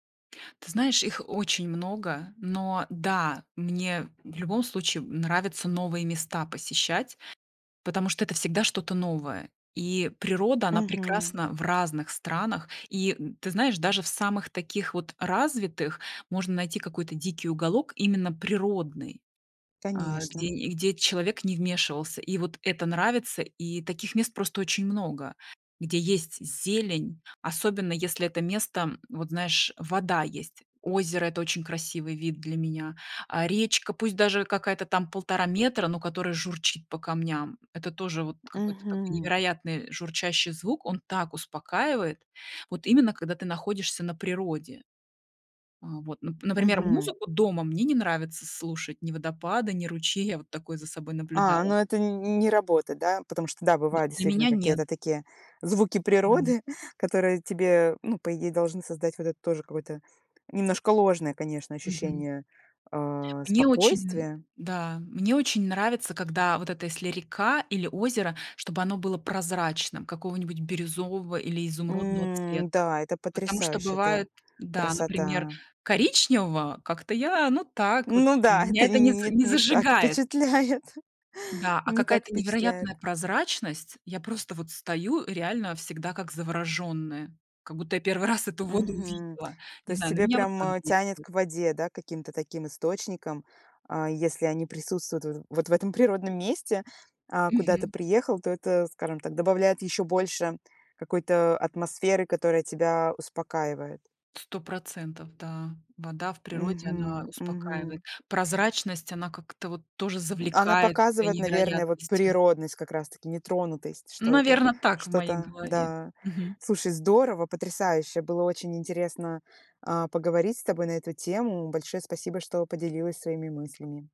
Ты знаешь, их очень много, но да, мне в любом случае, м, нравится новые места посещать, потому что это всегда что-то новое, и природа, она Мгм. прекрасна в разных странах. И, м, ты знаешь, даже в самых таких вот развитых можно найти какой-то дикий уголок, именно природный, а, где Конечно. и где человек не вмешивался. И вот это нравится. И таких мест просто очень много, где есть зелень, особенно если это место, м, вот знаешь, вода есть. Озеро- это очень красивый вид для меня. А речка, пусть даже какая-то там полтора метра, но которая журчит по камням. Это тоже вот какой-то такой Мгм. невероятный журчащий звук, он так успокаивает, вот именно когда ты находишься на природе. А вот, нап например, Мгм. музыку дома мне не нравится слушать, ни водопады, ни ручей. Я вот такое за собой А, наблюдала. ну это нь не работает, да? Потому что, да, Д бывают для действительно меня нет. какие-то такие звуки Да. природы, которые тебе, ну, по идее должны создать вот это тоже какой-то немножко ложное, конечно, Мгм. ощущение, а, Мне очень, м спокойствия. да, мне очень нравится, когда вот это если река или озеро, чтобы оно было прозрачным, какого-нибудь бирюзового или изумрудного М, цвета, да, это потому что потрясающе, это бывает, да, например, красота. коричневого- как-то я, ну, так вот Ну да, меня это это не нь за нет, не не так зажигает. впечатляет. Да, а Не так какая-то невероятная впечатляет. прозрачность. Я просто вот стою, э, реально всегда как завороженная, как будто я 1 раз эту воду Мгм. увидела, То не есть знаю, на тебе меня вот прям, так э, тянет действует. к воде, да, каким-то таким источникам. А если они присутствуют в, вот в этом природном месте, а куда ты Мгм. приехал, то это, скажем так, добавляет ещё больше какой-то атмосферы, которая тебя успокаивает. 100 %, да, вода в природе, она Мгм. успокаивает, Мгм. прозрачность, она как-то вот тоже М, она завлекает своей показывает, наверное, вот невероятностью. природность как раз-таки, нетронутость, что это Наверно, так в моей что-то, голове. да. Мгм. Слушай, здорово, потрясающе, было очень интересно, а, поговорить с тобой на эту тему. Большое спасибо, что поделилась своими мыслями.